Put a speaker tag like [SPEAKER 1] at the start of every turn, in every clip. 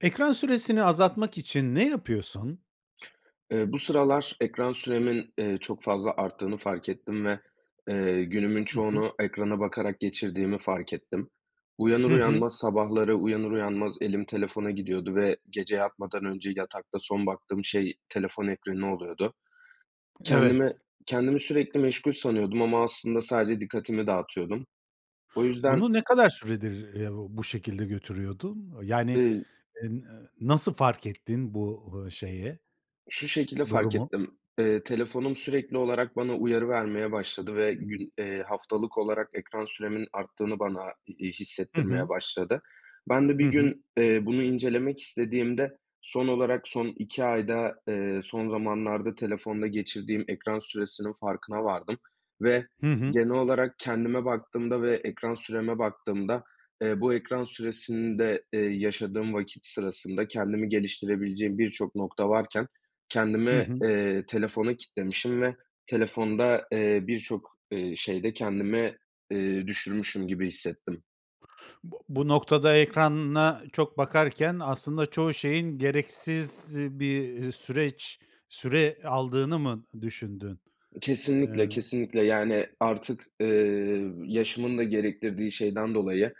[SPEAKER 1] Ekran süresini azaltmak için ne yapıyorsun?
[SPEAKER 2] Eee, bu sıralar ekran süremin, eee, çok fazla arttığını fark ettim ve, eee, günümün
[SPEAKER 1] I hı.
[SPEAKER 2] çoğunu ekrana bakarak geçirdiğimi fark ettim. Uyanır
[SPEAKER 1] Hı hı.
[SPEAKER 2] uyanmaz sabahları uyanır uyanmaz elim telefona gidiyordu ve gece yatmadan önce yatakta son baktığım şey telefon ekranı oluyordu.
[SPEAKER 1] Evet.
[SPEAKER 2] Kendimi kendimi sürekli meşgul sanıyordum ama aslında sadece dikkatimi dağıtıyordum. O yüzden
[SPEAKER 1] Bunu ne kadar süredir, eee, uuu, bu şekilde götürüyordun? Yani,
[SPEAKER 2] Iıı
[SPEAKER 1] en eee, nasıl fark ettin bu, eee, şeyi
[SPEAKER 2] Şu şekilde fark
[SPEAKER 1] durumu?
[SPEAKER 2] ettim. Eee, telefonum sürekli olarak bana uyarı vermeye başladı ve gün eee, haftalık olarak ekran süremin arttığını bana, iii,
[SPEAKER 1] Hı
[SPEAKER 2] hissettirmeye
[SPEAKER 1] hı.
[SPEAKER 2] başladı. Ben de bir
[SPEAKER 1] Hı hı.
[SPEAKER 2] gün, eee, bunu incelemek istediğimde son olarak son 2 ayda, eee, son zamanlarda telefonda geçirdiğim ekran süresinin farkına vardım ve
[SPEAKER 1] Hı hı.
[SPEAKER 2] genel olarak kendime baktığımda ve ekran süreme baktığımda, eee, bu ekran süresinde, eee, yaşadığım vakit sırasında kendimi geliştirebileceğim birçok nokta varken
[SPEAKER 1] Hı
[SPEAKER 2] kendimi,
[SPEAKER 1] hı.
[SPEAKER 2] eee, telefona kitlemişim ve telefonda, eee, birçok, eee, şeyde kendimi, eee, düşürmüşüm gibi hissettim.
[SPEAKER 1] Bu bu noktada ekrana çok bakarken aslında çoğu şeyin gereksiz bir süreç süre aldığını mı düşündün? Eee
[SPEAKER 2] Kesinlikle, kesinlikle. Yani, artık, eee, yaşımın da gerektirdiği şeyden dolayı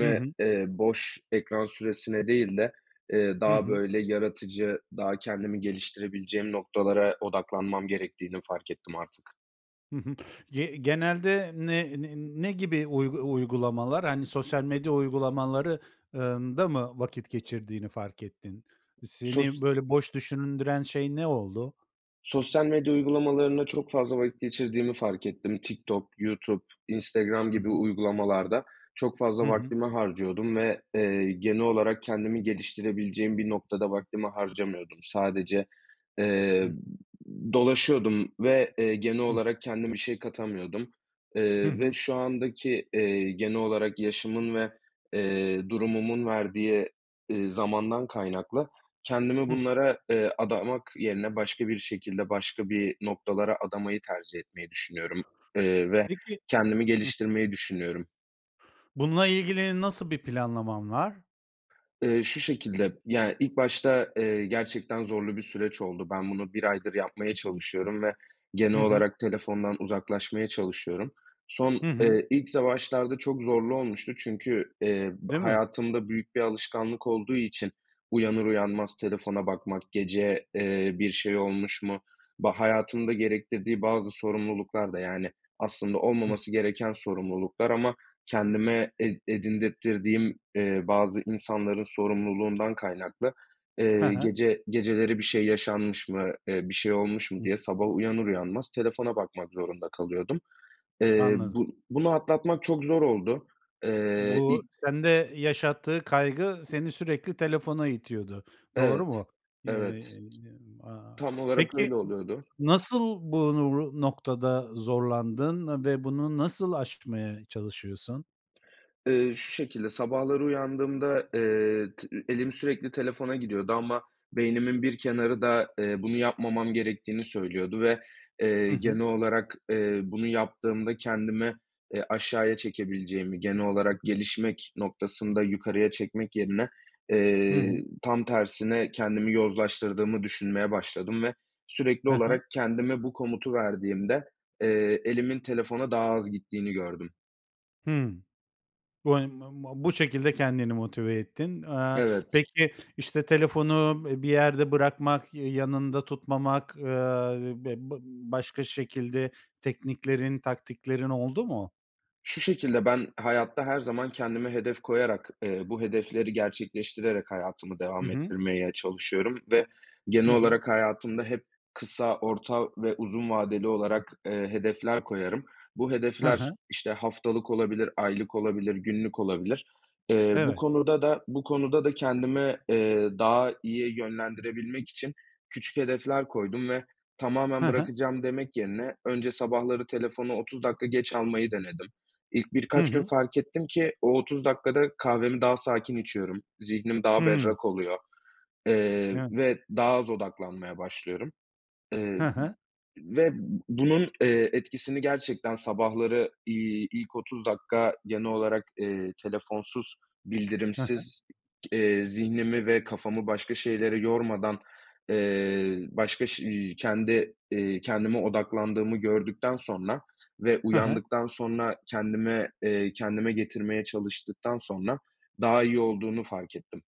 [SPEAKER 1] Hı hı.
[SPEAKER 2] eee, boş ekran süresine değil de, eee,
[SPEAKER 1] Hı
[SPEAKER 2] daha
[SPEAKER 1] hı.
[SPEAKER 2] böyle yaratıcı, daha kendimi geliştirebileceğim noktalara odaklanmam gerektiğini fark ettim artık.
[SPEAKER 1] Hı hı. Ye genelde ne ne ne gibi uy uygulamalar? Hani, sosyal medya uygulamaları ııı, ında mı vakit geçirdiğini fark ettin? Seni
[SPEAKER 2] Sos
[SPEAKER 1] böyle boş düşündüren şey ne oldu?
[SPEAKER 2] Sosyal medya uygulamalarında çok fazla vakit geçirdiğimi fark ettim. Tiktok, YouTube, Instagram
[SPEAKER 1] Hı
[SPEAKER 2] gibi
[SPEAKER 1] hı.
[SPEAKER 2] uygulamalarda çok fazla
[SPEAKER 1] Hı hı.
[SPEAKER 2] vaktimi harcıyordum ve, eee, genel olarak kendimi geliştirebileceğim bir noktada vaktimi harcamıyordum. Sadece,
[SPEAKER 1] Hı
[SPEAKER 2] eee,
[SPEAKER 1] hı.
[SPEAKER 2] m dolaşıyordum ve, eee, genel
[SPEAKER 1] Hı hı.
[SPEAKER 2] olarak kendime şey katamıyordum.
[SPEAKER 1] Hı
[SPEAKER 2] Eee, ve
[SPEAKER 1] hı.
[SPEAKER 2] şu andaki, eee, genel olarak yaşımın ve, eee, durumumun verdiği, eee, zamandan kaynaklı kendimi
[SPEAKER 1] Hıh.
[SPEAKER 2] bunlara, eee, adamak yerine başka bir şekilde başka bir noktalara adamayı tercih etmeyi düşünüyorum. Eee, ve
[SPEAKER 1] Peki
[SPEAKER 2] kendimi
[SPEAKER 1] Hı hı.
[SPEAKER 2] geliştirmeyi düşünüyorum.
[SPEAKER 1] Bununla ilgili nasıl bir planlaman var?
[SPEAKER 2] Eee, şu şekilde, ya, ilk başta, eee, gerçekten zorlu bir süreç oldu. Ben bunu 1 aydır yapmaya çalışıyorum ve genel
[SPEAKER 1] Hı hı.
[SPEAKER 2] olarak telefondan uzaklaşmaya çalışıyorum. Son
[SPEAKER 1] Hı hı.
[SPEAKER 2] eee, ilk za başlarda çok zorlu olmuştu çünkü, eee, ba
[SPEAKER 1] Değil mi?
[SPEAKER 2] hayatımda büyük bir alışkanlık olduğu için uyanır uyanmaz telefona bakmak, gece, eee, bir şey olmuş mu Ba hayatımda gerektirdiği bazı sorumluluklar da, yani, aslında
[SPEAKER 1] Hıh.
[SPEAKER 2] olmaması gereken sorumluluklar ama kendime ed edindirttirdiğim, eee, bazı insanların sorumluluğundan kaynaklı,
[SPEAKER 1] He
[SPEAKER 2] eee,
[SPEAKER 1] he.
[SPEAKER 2] gece geceleri bir şey yaşanmış mı, eee, bir şey olmuş
[SPEAKER 1] Hı
[SPEAKER 2] mu
[SPEAKER 1] hı.
[SPEAKER 2] diye sabah uyanır uyanmaz telefona bakmak zorunda kalıyordum. Eee,
[SPEAKER 1] Anladım.
[SPEAKER 2] bu bunu atlatmak çok zor oldu, eee,
[SPEAKER 1] Bu
[SPEAKER 2] ilk
[SPEAKER 1] sende yaşattığı kaygı seni sürekli telefona itiyordu, doğru
[SPEAKER 2] Evet,
[SPEAKER 1] mu? Ye
[SPEAKER 2] evet.
[SPEAKER 1] eee, aaa,
[SPEAKER 2] Tam olarak
[SPEAKER 1] peki,
[SPEAKER 2] öyle oluyordu.
[SPEAKER 1] nasıl bunu bru noktada zorlandın ve bunu nasıl aşmaya çalışıyorsun?
[SPEAKER 2] Eee, şu şekilde, sabahları uyandığımda, eee, tı ü elim sürekli telefona gidiyordu ama beynimin bir kenarı da, eee, bunu yapmamam gerektiğini söylüyordu ve,
[SPEAKER 1] I
[SPEAKER 2] eee,
[SPEAKER 1] hı.
[SPEAKER 2] genel olarak, eee, bunu yaptığımda kendimi, eee, aşağıya çekebileceğimi, genel olarak gelişmek noktasında yukarıya çekmek yerine,
[SPEAKER 1] Hı hı.
[SPEAKER 2] eee, tam tersine kendimi yozlaştırdığımı düşünmeye başladım ve sürekli
[SPEAKER 1] Ha ha.
[SPEAKER 2] olarak kendime bu komutu verdiğimde, eee, elimin telefona daha az gittiğini gördüm.
[SPEAKER 1] Hıı, bu, hani, ma ma bu şekilde kendini motive ettin. Eee,
[SPEAKER 2] Evet.
[SPEAKER 1] peki, işte, telefonu, eee, bir yerde bırakmak, ya yanında tutmamak, ııı, b bı başka şekilde tekniklerin, taktiklerin oldu mu?
[SPEAKER 2] Şu şekilde, ben hayatta her zaman kendime hedef koyarak, eee, bu hedefleri gerçekleştirerek hayatımı
[SPEAKER 1] Hı
[SPEAKER 2] devam
[SPEAKER 1] hı.
[SPEAKER 2] ettirmeye çalışıyorum ve genel
[SPEAKER 1] Hı hı.
[SPEAKER 2] olarak hayatımda hep kısa, orta ve uzun vadeli olarak, eee, hedefler koyarım. Bu
[SPEAKER 1] Ha
[SPEAKER 2] hedefler,
[SPEAKER 1] ha.
[SPEAKER 2] işte, haftalık olabilir, aylık olabilir, günlük olabilir. Eee, bu
[SPEAKER 1] Evet.
[SPEAKER 2] konuda da, bu konuda da kendimi, eee, daha iyi yönlendirebilmek için küçük hedefler koydum ve tamamen
[SPEAKER 1] Ha ha.
[SPEAKER 2] bırakacağım demek yerine önce sabahları telefonu 30 dakika geç almayı denedim. İlk
[SPEAKER 1] Hı
[SPEAKER 2] birkaç gün
[SPEAKER 1] hı.
[SPEAKER 2] fark ettim ki o 30 dakikada kahvemi daha sakin içiyorum. Zihnim daha
[SPEAKER 1] Hıı.
[SPEAKER 2] berrak oluyor, eee,
[SPEAKER 1] Yani.
[SPEAKER 2] ve daha az odaklanmaya başlıyorum, eee,
[SPEAKER 1] Ha ha.
[SPEAKER 2] v ve bunun, eee, etkisini gerçekten sabahları, iii, ilk 30 dakika genel olarak, eee, telefonsuz,
[SPEAKER 1] Ha ha.
[SPEAKER 2] bildirimsiz, iii, eee, zihnimi ve kafamı başka şeylere yormadan, eee, başka ş iii, kendi, eee, kendime odaklandığımı gördükten sonra ve
[SPEAKER 1] Ha ha.
[SPEAKER 2] uyandıktan sonra kendime, eee, kendime getirmeye çalıştıktan sonra daha iyi olduğunu fark ettim.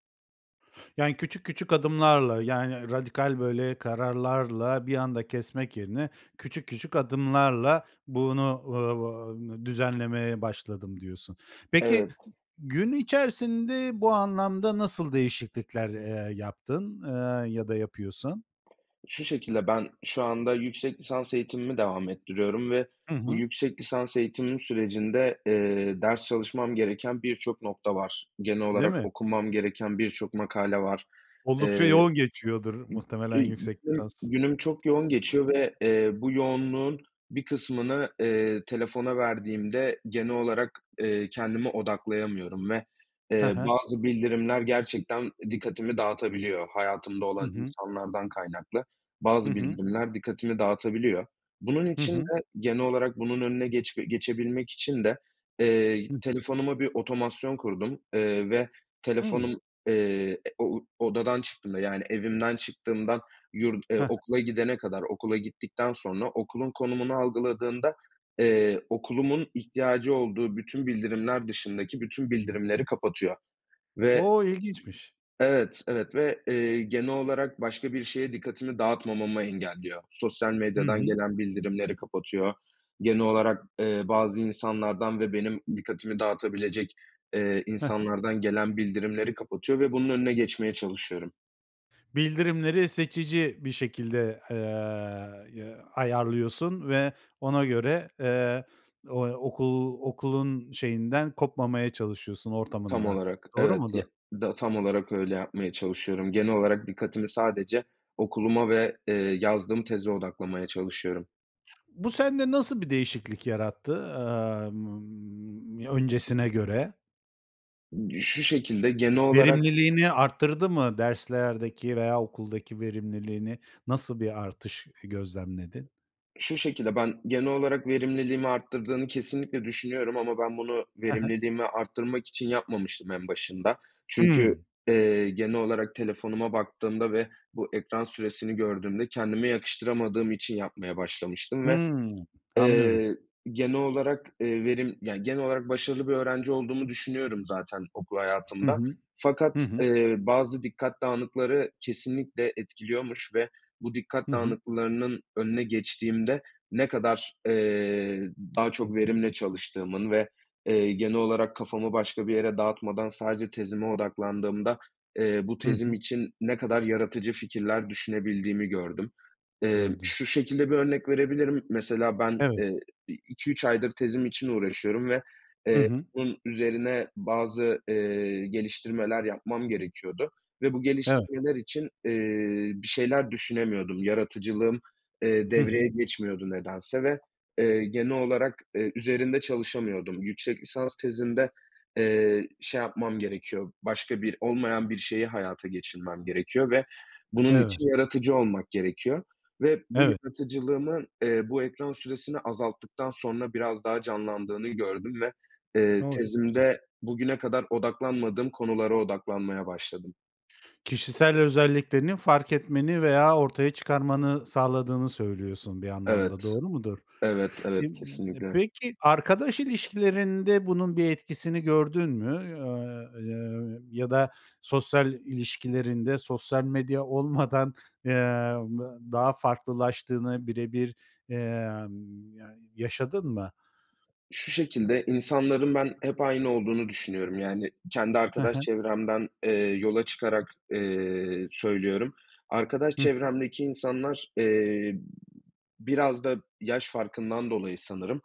[SPEAKER 1] Yani, "küçük, küçük adımlarla, yani, radikal, böyle, kararlarla bir anda kesmek yerine küçük, küçük adımlarla bunu, ı o o düzenlemeye başladım" diyorsun. Peki,
[SPEAKER 2] Evet.
[SPEAKER 1] gün içerisinde bu anlamda nasıl değişiklikler, eee, yaptın, ııı, ya da yapıyorsun?
[SPEAKER 2] Şu şekilde ben şu anda yüksek lisans eğitimimi devam ettiriyorum ve
[SPEAKER 1] Hı
[SPEAKER 2] bu
[SPEAKER 1] hı.
[SPEAKER 2] yüksek lisans eğitimim sürecinde, eee, ders çalışmam gereken birçok nokta var. Genel
[SPEAKER 1] Değil
[SPEAKER 2] olarak
[SPEAKER 1] mi?
[SPEAKER 2] okumam gereken birçok makale var.
[SPEAKER 1] Oldukça
[SPEAKER 2] Eee,
[SPEAKER 1] yoğun geçiyordur, muhtemelen,
[SPEAKER 2] [unintelligible]
[SPEAKER 1] yüksek lisans. Hı
[SPEAKER 2] günüm çok yoğun
[SPEAKER 1] hı.
[SPEAKER 2] geçiyor ve, eee, bu yoğunluğun bir kısmını, eee, telefona verdiğimde genel olarak, eee, kendimi odaklayamıyorum ve,
[SPEAKER 1] Ha
[SPEAKER 2] eee,
[SPEAKER 1] ha.
[SPEAKER 2] bazı bildirimler gerçekten dikkatimi dağıtabiliyor. Hayatımda
[SPEAKER 1] Hı
[SPEAKER 2] olan
[SPEAKER 1] hı.
[SPEAKER 2] insanlardan kaynaklı
[SPEAKER 1] Hı
[SPEAKER 2] bazı
[SPEAKER 1] hı.
[SPEAKER 2] bildirimler dikkatimi dağıtabiliyor. Bunun
[SPEAKER 1] Hı
[SPEAKER 2] için
[SPEAKER 1] hı.
[SPEAKER 2] de genel olarak bunun önüne geçbe geçebilmek için de, eee,
[SPEAKER 1] Hıh.
[SPEAKER 2] telefonuma bir otomasyon kurdum, eee, ve
[SPEAKER 1] Hıı.
[SPEAKER 2] telefonum, eee, e o odadan çıktığımda, yani, evimden çıktığımdan yurt, eee,
[SPEAKER 1] Ha ha.
[SPEAKER 2] okula gidene kadar, okula gittikten sonra, okulun konumunu algıladığında, eee, okulumun ihtiyacı olduğu bütün bildirimler dışındaki bütün bildirimleri kapatıyor ve
[SPEAKER 1] O! İlginçmiş.
[SPEAKER 2] Evet, evet ve, eee, genel olarak başka bir şeye dikkatimi dağıtmamamı engelliyor. Sosyal
[SPEAKER 1] Hı
[SPEAKER 2] medyadan
[SPEAKER 1] hı.
[SPEAKER 2] gelen bildirimleri kapatıyor. Genel olarak, eee, bazı insanlardan ve benim dikkatimi dağıtabilecek, eee,
[SPEAKER 1] Ha ha.
[SPEAKER 2] insanlardan gelen bildirimleri kapatıyor ve bunun önüne geçmeye çalışıyorum.
[SPEAKER 1] Bildirimleri seçici bir şekilde, eee, ya ayarlıyorsun ve ona göre, eee, o okul okulun, şeyinden, kopmamaya çalışıyorsun
[SPEAKER 2] Tam
[SPEAKER 1] ortamından.
[SPEAKER 2] olarak
[SPEAKER 1] Doğru
[SPEAKER 2] evet,
[SPEAKER 1] mudur?
[SPEAKER 2] ya, da tam olarak öyle yapmaya çalışıyorum genel olarak dikkatimi sadece okuluma ve, eee, yazdığım teze odaklamaya çalışıyorum.
[SPEAKER 1] Bu sende nasıl bir değişiklik yarattı, emm m öncesine göre?
[SPEAKER 2] Imm, şu şekilde genel olarak
[SPEAKER 1] Verimliliğini arttırdı mı? Derslerdeki veya okuldaki verimliliğini. Nasıl bir artış, ııı, gözlemledin?
[SPEAKER 2] Şu şekilde, ben genel olarak verimliliğimi arttırdığını kesinlikle düşünüyorum ama ben bunu
[SPEAKER 1] Ha ha.
[SPEAKER 2] verimliliğimi arttırmak için yapmamıştım en başında. Çünkü,
[SPEAKER 1] Hımm.
[SPEAKER 2] eee, genel olarak telefonuma baktığımda ve bu ekran süresini gördüğümde kendime yakıştıramadığım için yapmaya başlamıştım ve,
[SPEAKER 1] Hımm. Anlıyorum.
[SPEAKER 2] eee, genel olarak, eee, verim yani, genel olarak başarılı bir öğrenci olduğumu düşünüyorum zaten okul
[SPEAKER 1] Hı
[SPEAKER 2] hayatımda.
[SPEAKER 1] hı.
[SPEAKER 2] Fakat,
[SPEAKER 1] Hı hı.
[SPEAKER 2] eee, bazı dikkat dağınıkları kesinlikle etkiliyormuş ve bu dikkat
[SPEAKER 1] Hı hı.
[SPEAKER 2] dağınıklarının önüne geçtiğimde ne kadar, eee, daha çok verimle çalıştığımın ve, eee, genel olarak kafamı başka bir yere dağıtmadan sadece tezime odaklandığımda, eee, bu
[SPEAKER 1] Hı
[SPEAKER 2] tezim
[SPEAKER 1] hı.
[SPEAKER 2] için ne kadar yaratıcı fikirler düşünebildiğimi gördüm. Emm,
[SPEAKER 1] Gördün.
[SPEAKER 2] şu şekilde bir örnek verebilirim. Mesela, ben,
[SPEAKER 1] Evet.
[SPEAKER 2] eee, i iki, 3 aydır tezim için uğraşıyorum ve,
[SPEAKER 1] Hı
[SPEAKER 2] eee,
[SPEAKER 1] hı.
[SPEAKER 2] bunun üzerine bazı, eee, geliştirmeler yapmam gerekiyordu ve bu
[SPEAKER 1] Evet.
[SPEAKER 2] geliştirmeler için, eee, bir şeyler düşünemiyordum. Yaratıcılığım, eee,
[SPEAKER 1] Hı hı.
[SPEAKER 2] devreye geçmiyordu nedense ve, eee, genel olarak, eee, üzerinde çalışamıyordum. Yüksek lisans tezimde, eee, şey yapmam gerekiyor, başka bir, olmayan bir şeyi hayata geçirmem gerekiyor ve bunun
[SPEAKER 1] Evet.
[SPEAKER 2] için yaratıcı olmak gerekiyor ve bu
[SPEAKER 1] Evet.
[SPEAKER 2] yaratıcılığımın, eee, bu ekran süresini azalttıktan sonra biraz daha canlandığını gördüm ve,
[SPEAKER 1] O.
[SPEAKER 2] eee,
[SPEAKER 1] Çok güzel.
[SPEAKER 2] tezimde bugüne kadar odaklanmadığım konulara odaklanmaya başladım.
[SPEAKER 1] Kişisel özelliklerini fark etmeni veya ortaya çıkarmanı sağladığını söylüyorsun, bir anlamda,
[SPEAKER 2] Evet,
[SPEAKER 1] doğru mudur?
[SPEAKER 2] evet,
[SPEAKER 1] M
[SPEAKER 2] evet
[SPEAKER 1] d
[SPEAKER 2] kesinlikle.
[SPEAKER 1] peki, arkadaş ilişkilerinde bunun bir etkisini gördün mü, a y ya da sosyal ilişkilerinde, sosyal medya olmadan, eee, m daha farklılaştığını, birebir, emm, ya yaşadın mı?
[SPEAKER 2] Şu şekilde insanların, ben, hep aynı olduğunu düşünüyorum, yani, kendi
[SPEAKER 1] Hı
[SPEAKER 2] arkadaş
[SPEAKER 1] hı.
[SPEAKER 2] çevremden, eee, yola çıkarak, eee, söylüyorum. Arkadaş
[SPEAKER 1] Hı hı.
[SPEAKER 2] çevremdeki insanlar, eee, b biraz da yaş farkından dolayı, sanırım,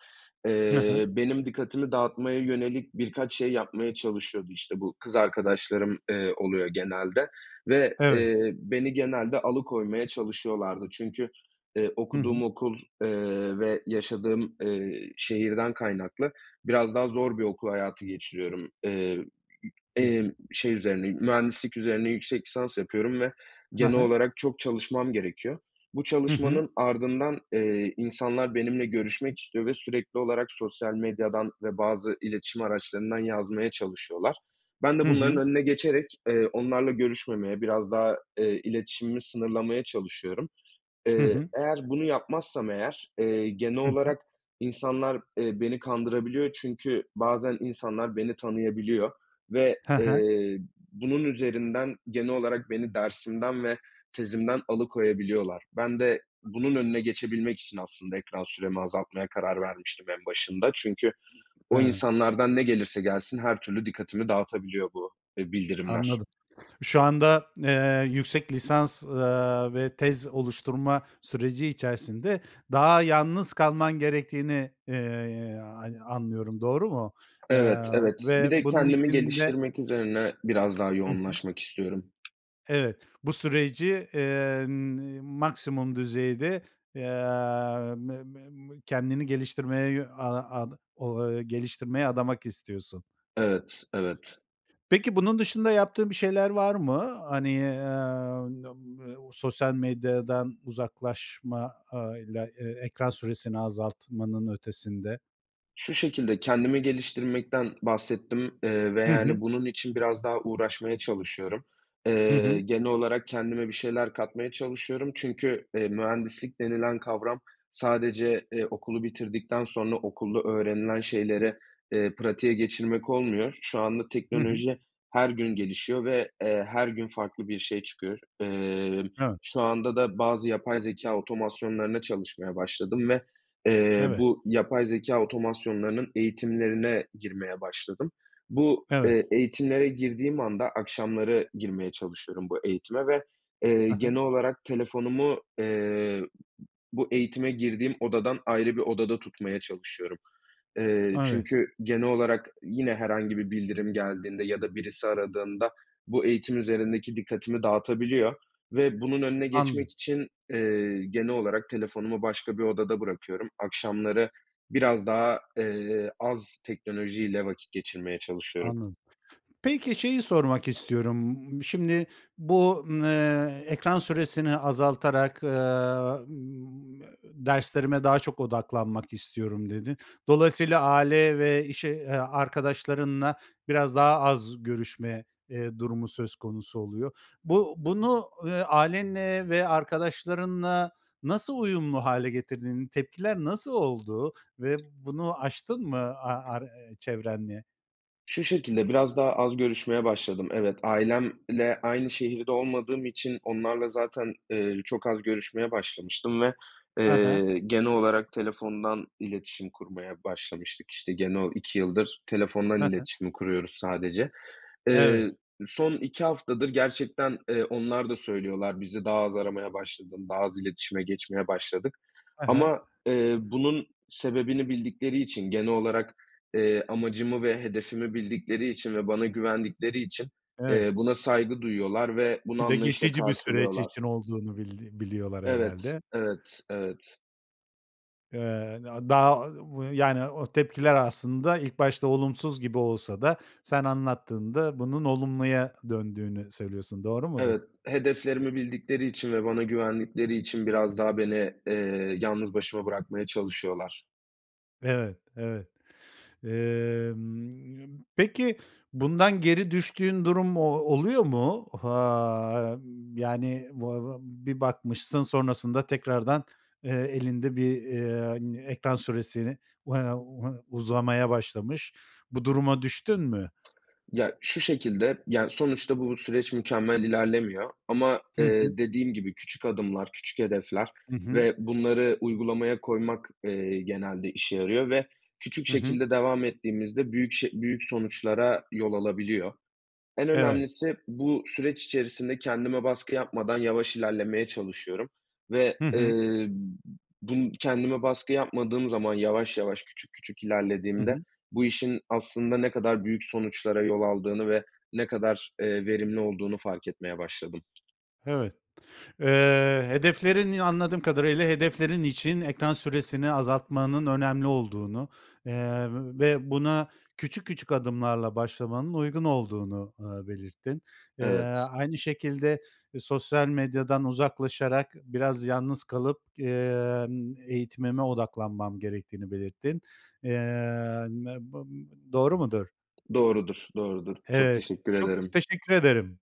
[SPEAKER 1] Hı hı.
[SPEAKER 2] eee, benim dikkatimi dağıtmaya yönelik birkaç şey yapmaya çalışıyordu. İşte, bu kız arkadaşlarım, eee, oluyor genelde ve,
[SPEAKER 1] Evet.
[SPEAKER 2] eee, beni genelde alıkoymaya çalışıyorlardı. Çünkü, eee,
[SPEAKER 1] Hı hı.
[SPEAKER 2] okuduğum okul, eee, ve yaşadığım, eee, şehirden kaynaklı biraz daha zor bir okul hayatı geçiriyorum. Iıı,
[SPEAKER 1] Hıı.
[SPEAKER 2] emm, şey üzerine, mühendislik üzerine yüksek lisans yapıyorum ve
[SPEAKER 1] Ha
[SPEAKER 2] genel
[SPEAKER 1] ha.
[SPEAKER 2] olarak çok çalışmam gerekiyor. Bu
[SPEAKER 1] Hı hı.
[SPEAKER 2] çalışmanın ardından, eee, insanlar benimle görüşmek istiyor ve sürekli olarak sosyal medyadan ve bazı iletişim araçlarından yazmaya çalışıyorlar. Ben
[SPEAKER 1] Hı
[SPEAKER 2] de bunların
[SPEAKER 1] hı.
[SPEAKER 2] önüne geçerek, eee, onlarla görüşmemeye, biraz daha, eee, iletişimimi sınırlamaya çalışıyorum.
[SPEAKER 1] Hı
[SPEAKER 2] Eee,
[SPEAKER 1] hı.
[SPEAKER 2] eğer bunu yapmazsam, eğer, eee, genel
[SPEAKER 1] Hı hı.
[SPEAKER 2] olarak insanlar, eee, beni kandırabiliyor çünkü bazen insanlar beni tanıyabiliyor ve,
[SPEAKER 1] He he.
[SPEAKER 2] eee, bunun üzerinden, genel olarak beni dersimden ve tezimden alıkoyabiliyorlar. Ben de bunun önüne geçebilmek için, aslında, ekran süremi azaltmaya karar vermiştim en başında çünkü o
[SPEAKER 1] He.
[SPEAKER 2] insanlardan ne gelirse gelsin her türlü dikkatimi dağıtabiliyor bu, eee, bildirimler.
[SPEAKER 1] Anladım. Şu anda, eee, yüksek lisans, ııı, ve tez oluşturma süreci içerisinde daha yalnız kalman gerektiğini, eee, ayn anlıyorum, doğru mu? Eee,
[SPEAKER 2] Evet, evet.
[SPEAKER 1] ve
[SPEAKER 2] Bir de
[SPEAKER 1] bunun
[SPEAKER 2] kendimi
[SPEAKER 1] için de
[SPEAKER 2] geliştirmek üzerine biraz daha
[SPEAKER 1] Hı hı.
[SPEAKER 2] yoğunlaşmak istiyorum.
[SPEAKER 1] Evet, bu süreci, eee, n iii, maksimum düzeyde, emm, mı mı mı kendini geliştirmeye, yö a ad ola ııı, geliştirmeye adamak istiyorsun.
[SPEAKER 2] Evet evet.
[SPEAKER 1] Peki, bunun dışında yaptığın bir şeyler var mı? Hani, emm, b bu ııı, sosyal medyadan uzaklaşmayla, e ekran süresini azaltmanın ötesinde.
[SPEAKER 2] Şu şekilde kendimi geliştirmekten bahsettim, eee, ve,
[SPEAKER 1] Hı hı.
[SPEAKER 2] yani, bunun için biraz daha uğraşmaya çalışıyorum.
[SPEAKER 1] Hı
[SPEAKER 2] Eee,
[SPEAKER 1] hı.
[SPEAKER 2] genel olarak kendime bir şeyler katmaya çalışıyorum çünkü, eee, mühendislik denilen kavram sadece, eee, okulu bitirdikten sonra okulda öğrenilen şeyleri, eee, pratiğe geçirmek olmuyor. Şu anda
[SPEAKER 1] Hı hı.
[SPEAKER 2] teknoloji her gün gelişiyor ve, eee, her gün farklı bir şey çıkıyor. Emm,
[SPEAKER 1] Evet.
[SPEAKER 2] şu anda da bazı yapay zekâ otomasyonlarına çalışmaya başladım ve, eee,
[SPEAKER 1] Evet.
[SPEAKER 2] bu yapay zekâ otomasyonlarının eğitimlerine girmeye başladım. Bu,
[SPEAKER 1] Evet.
[SPEAKER 2] eee, eğitimlere girdiğim anda akşamları girmeye çalışıyorum bu eğitime ve, eee,
[SPEAKER 1] A hı.
[SPEAKER 2] genel olarak telefonumu, eee, b bu eğitime girdiğim odadan ayrı bir odada tutmaya çalışıyorum. Eee,
[SPEAKER 1] Evet.
[SPEAKER 2] çünkü genel olarak yine herhangi bir bildirim geldiğinde ya da birisi aradığında bu eğitim üzerindeki dikkatimi dağıtabiliyor ve bunun önüne
[SPEAKER 1] Anladım.
[SPEAKER 2] geçmek için, eee, genel olarak telefonumu başka bir odada bırakıyorum. Akşamları biraz daha, eee, az teknolojiyle vakit geçirmeye çalışıyorum.
[SPEAKER 1] Anladım. Peki, şeyi sormak istiyorum. Imm, şimdi bu n eee, "Ekran süresini azaltarak, ııı, ımm, derslerime daha çok odaklanmak istiyorum." dedin. Dolayısıyla, aile ve iş e arkadaşlarınla biraz daha az görüşme, eee, durumu söz konusu oluyor. Bu bunu, ııı, ailenle ve arkadaşlarınla nasıl uyumlu hâle getirdin? Tepkiler nasıl oldu ve bunu aştın mı, a a ar çevrenle?
[SPEAKER 2] Şu şekilde, biraz daha az görüşmeye başladım. Evet, ailemle aynı şehirde olmadığım için onlarla zaten, eee, çok az görüşmeye başlamıştım ve,
[SPEAKER 1] Ha ha.
[SPEAKER 2] eee, genel olarak telefondan iletişim kurmaya başlamıştık. İşte gene o 2 yıldır telefondan
[SPEAKER 1] Hı hı.
[SPEAKER 2] iletişim kuruyoruz sadece. Eee,
[SPEAKER 1] Evet.
[SPEAKER 2] son 2 haftadır gerçekten, eee, onlar da söylüyorlar, "Bizi daha az aramaya başladın, daha az iletişime geçmeye başladık."
[SPEAKER 1] Ha ha.
[SPEAKER 2] Ama, eee, bunun sebebini bildikleri için, genel olarak, eee, amacımı ve hedefimi bildikleri için ve bana güvendikleri için,
[SPEAKER 1] Evet.
[SPEAKER 2] eee, buna saygı duyuyorlar ve bunu
[SPEAKER 1] Bir de
[SPEAKER 2] anlayışla
[SPEAKER 1] geçici bir süreç için
[SPEAKER 2] karşılıyorlar.
[SPEAKER 1] olduğunu bildiğin biliyorlar
[SPEAKER 2] Evet,
[SPEAKER 1] herhâlde.
[SPEAKER 2] evet, evet.
[SPEAKER 1] Eee, na daha, bu, eee, yani, o tepkiler aslında ilk başta olumsuz gibi olsa da sen anlattığında bunun olumluya döndüğünü söylüyorsun, doğru mudur?
[SPEAKER 2] Evet, hedeflerimi bildikleri için ve bana güvendikleri için biraz daha beni, eee, yalnız başıma bırakmaya çalışıyorlar.
[SPEAKER 1] Evet, evet. Emm, peki, bundan geri düştüğün durum o oluyor mu? Ha, yani, vava bir bakmışsın sonrasında tekrardan, eee, elinde bir, eee, ekran süresini [unintelligible] uzamaya başlamış. Bu duruma düştün mü?
[SPEAKER 2] Ya, şu şekilde, yani, sonuçta bu süreç mükemmel ilerlemiyor ama,
[SPEAKER 1] Hı hı.
[SPEAKER 2] eee, dediğim gibi, küçük adımlar, küçük hedefler
[SPEAKER 1] Hı hı.
[SPEAKER 2] ve bunları uygulamaya koymak, eee, genelde işe yarıyor ve küçük
[SPEAKER 1] Hı hı.
[SPEAKER 2] şekilde devam ettiğimizde büyük ş büyük sonuçlara yol alabiliyor. En
[SPEAKER 1] Evet.
[SPEAKER 2] önemlisi bu süreç içerisinde kendime baskı yapmadan yavaş ilerlemeye çalışıyorum ve,
[SPEAKER 1] Hı hı.
[SPEAKER 2] eee, bun Kendime baskı yapmadığım zaman yavaş yavaş, küçük küçük
[SPEAKER 1] Hı
[SPEAKER 2] ilerlediğimde
[SPEAKER 1] hı.
[SPEAKER 2] bu işin aslında ne kadar büyük sonuçlara yol aldığını ve ne kadar, eee, verimli olduğunu fark etmeye başladım.
[SPEAKER 1] Evet. Eee, hedeflerin Ya, anladığım kadarıyla, hedeflerin için ekran süresini azaltmanın önemli olduğunu, eee, ve buna küçük küçük adımlarla başlamanın uygun olduğunu, ııı, belirttin. Eee,
[SPEAKER 2] Evet.
[SPEAKER 1] aynı şekilde, eee, "Sosyal medyadan uzaklaşarak biraz yalnız kalıp, eee, ımm, eğitimime odaklanmam gerek."tiğini belirttin. Eee, [unintelligible] doğru mudur?
[SPEAKER 2] Doğrudur, doğrudur. Çok
[SPEAKER 1] Evet,
[SPEAKER 2] teşekkür
[SPEAKER 1] çok
[SPEAKER 2] ederim
[SPEAKER 1] teşekkür ederim.